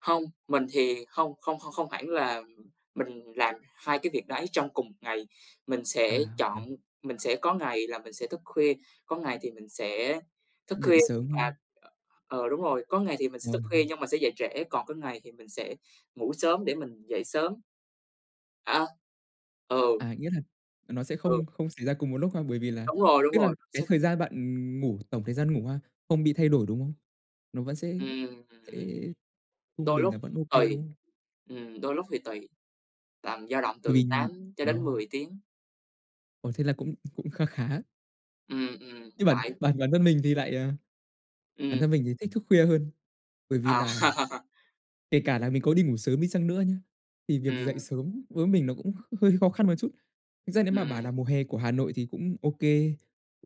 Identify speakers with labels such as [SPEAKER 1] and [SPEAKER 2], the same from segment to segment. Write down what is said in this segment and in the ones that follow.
[SPEAKER 1] Hông, mình thì hông không không không hẳn là mình làm hai cái việc đấy trong cùng một ngày, mình
[SPEAKER 2] À,
[SPEAKER 1] sẽ
[SPEAKER 2] ừm.
[SPEAKER 1] chọn mình sẽ có ngày là mình sẽ thức khuya, có ngày thì mình sẽ thức
[SPEAKER 2] Dậy
[SPEAKER 1] khuya
[SPEAKER 2] sớm
[SPEAKER 1] và
[SPEAKER 2] hơn.
[SPEAKER 1] ờ, đúng rồi, có ngày thì mình sẽ thức khuya
[SPEAKER 2] Vâng.
[SPEAKER 1] nhưng mà sẽ dậy trễ, còn có ngày thì mình sẽ ngủ sớm để mình dậy sớm. À. Ừ.
[SPEAKER 2] À, nghĩa là, ờ, nó sẽ
[SPEAKER 1] Ừ.
[SPEAKER 2] không không xảy ra cùng một lúc ha. Bởi vì là
[SPEAKER 1] Đúng rồi, đúng
[SPEAKER 2] tức là
[SPEAKER 1] rồi.
[SPEAKER 2] cái
[SPEAKER 1] Sẽ
[SPEAKER 2] thời gian bạn, ừm, ngủ, tổng thời gian ngủ ha, không bị thay đổi, đúng hông? Nó vẫn sẽ
[SPEAKER 1] Ừm,
[SPEAKER 2] sẽ
[SPEAKER 1] ừm.
[SPEAKER 2] trung
[SPEAKER 1] Đôi
[SPEAKER 2] bình
[SPEAKER 1] lúc
[SPEAKER 2] là vẫn ô kê,
[SPEAKER 1] tùy.
[SPEAKER 2] đúng hông?
[SPEAKER 1] Ừm, đôi lúc thì tùy, tầm dao động
[SPEAKER 2] Bởi
[SPEAKER 1] từ
[SPEAKER 2] vì
[SPEAKER 1] 8 cho
[SPEAKER 2] ờ.
[SPEAKER 1] đến 10 tiếng.
[SPEAKER 2] Ồ, thế là cũng cũng kha khá.
[SPEAKER 1] Ừm, ừm,
[SPEAKER 2] Nhưng bản
[SPEAKER 1] tại
[SPEAKER 2] bản bản thân mình thì lại à, bản
[SPEAKER 1] Ừm.
[SPEAKER 2] thân mình thì thích thức khuya hơn, bởi vì
[SPEAKER 1] À.
[SPEAKER 2] là kể cả là mình có đi ngủ sớm đi chăng nữa nhé, thì việc dậy
[SPEAKER 1] Ừm.
[SPEAKER 2] sớm với mình nó cũng kh hơi khó khăn một chút. Thực ra nếu mà bảo
[SPEAKER 1] Ừm.
[SPEAKER 2] là mùa hè của Hà Nội thì cũng ô kê,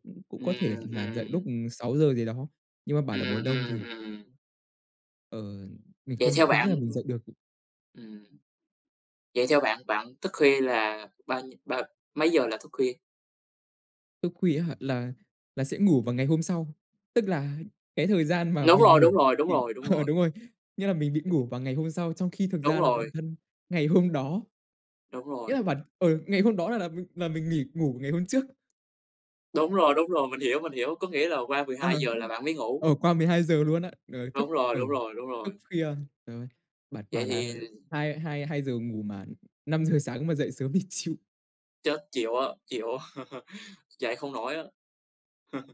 [SPEAKER 2] cũng cũng có thể
[SPEAKER 1] Ừm,
[SPEAKER 2] là dậy
[SPEAKER 1] ừm.
[SPEAKER 2] lúc, ừm, 6 giờ gì đó, nhưng mà bảo là mùa
[SPEAKER 1] Ừm,
[SPEAKER 2] đông
[SPEAKER 1] ừm,
[SPEAKER 2] thì
[SPEAKER 1] ừm.
[SPEAKER 2] Ờ, mình
[SPEAKER 1] Vậy
[SPEAKER 2] không
[SPEAKER 1] theo
[SPEAKER 2] không nghĩ
[SPEAKER 1] bạn
[SPEAKER 2] là mình dậy được.
[SPEAKER 1] ừm, vậy theo bạn, bạn thức khuya là bao nhiêu bao mấy giờ là thức khuya?
[SPEAKER 2] Thức khuya á hả? Là là sẽ ngủ vào ngày hôm sau, tức là cái thời gian mà
[SPEAKER 1] Đúng
[SPEAKER 2] mình
[SPEAKER 1] rồi,
[SPEAKER 2] ngủ
[SPEAKER 1] đúng rồi, đúng
[SPEAKER 2] thì
[SPEAKER 1] rồi, đúng
[SPEAKER 2] ờ,
[SPEAKER 1] rồi.
[SPEAKER 2] đúng rồi, nghĩa là mình bị ngủ vào ngày hôm sau, trong khi thực
[SPEAKER 1] Đúng
[SPEAKER 2] ra là bản
[SPEAKER 1] rồi.
[SPEAKER 2] thân ngày hôm đó
[SPEAKER 1] Đúng
[SPEAKER 2] nghĩa
[SPEAKER 1] rồi.
[SPEAKER 2] là bản ừ, ngày hôm đó là là mình là mình nghỉ ngủ ngày hôm trước.
[SPEAKER 1] Đúng rồi, đúng rồi. Mình hiểu, mình hiểu, có nghĩa là qua 12
[SPEAKER 2] Ờ,
[SPEAKER 1] giờ là bạn mới ngủ.
[SPEAKER 2] ờ, qua 12 giờ luôn á, ờ, thức,
[SPEAKER 1] Đúng rồi,
[SPEAKER 2] ờ,
[SPEAKER 1] đúng rồi, đúng
[SPEAKER 2] thức
[SPEAKER 1] rồi.
[SPEAKER 2] khuya, rồi bạn
[SPEAKER 1] Vậy
[SPEAKER 2] bảo
[SPEAKER 1] thì
[SPEAKER 2] là
[SPEAKER 1] l
[SPEAKER 2] hai hai hai giờ ngủ mà 5 giờ sáng mà dậy sớm thì chịu.
[SPEAKER 1] Chết, chịu á, chịu á, dậy không nổi á.